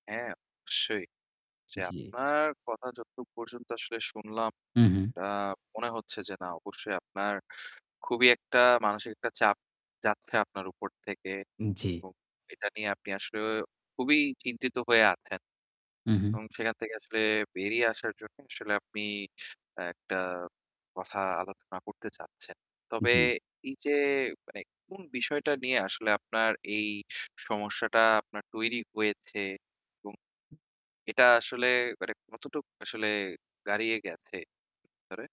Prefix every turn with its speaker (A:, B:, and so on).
A: হ্যাঁ, অবশ্যই। যে
B: জি।
A: আপনার কথা যতটুক পর্যন্ত আসলে শুনলাম
B: হু, হু।
A: আ মনে হচ্ছে যে না অবশ্যই আপনার খুবই একটা মানসিক একটা চাপ যাচ্ছে আপনার উপর থেকে।
B: জি।
A: এবং এটা নিয়ে আপনি আসলে খুবই চিন্তিত হয়ে আছেন।
B: হু, হু।
A: এবং সেখান থেকে আসলে বেরিয়ে আসার জন্য আসলে আপনি একটা কথা আলোচনা করতে চাচ্ছেন। তবে
B: জি।
A: এই যে মানে কোন বিষয়টা নিয়ে আসলে আপনার এই স সমস্যাটা আপনার তৈরি হয়েছ এবং এটা আসলে কতটুকু আসলে গাড়িয়ে গেছে ভিতরে?